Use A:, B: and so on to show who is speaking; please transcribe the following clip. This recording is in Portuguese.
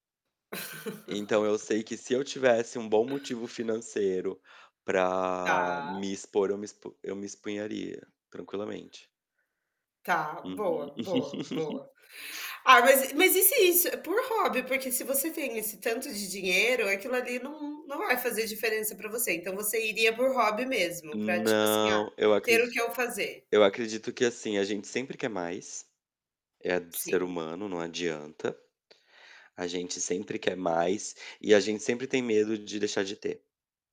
A: Então, eu sei que se eu tivesse um bom motivo financeiro para
B: Tá.
A: me expor, eu me expu eu me exporia tranquilamente.
B: Tá.
A: Uhum.
B: Boa, boa, boa. Ah, mas e mas e se isso por hobby porque se você tem esse tanto de dinheiro, aquilo ali não não vai fazer diferença pra você. Então, você iria por hobby mesmo, pra tipo assim: "Ah,
A: Não. Eu
B: ter
A: acredi
B: o que eu fazer".
A: eu acredito que assim: a gente sempre quer mais. É do ser
B: Sim.
A: humano, não adianta. A gente sempre quer mais e a gente sempre tem medo de deixar de ter.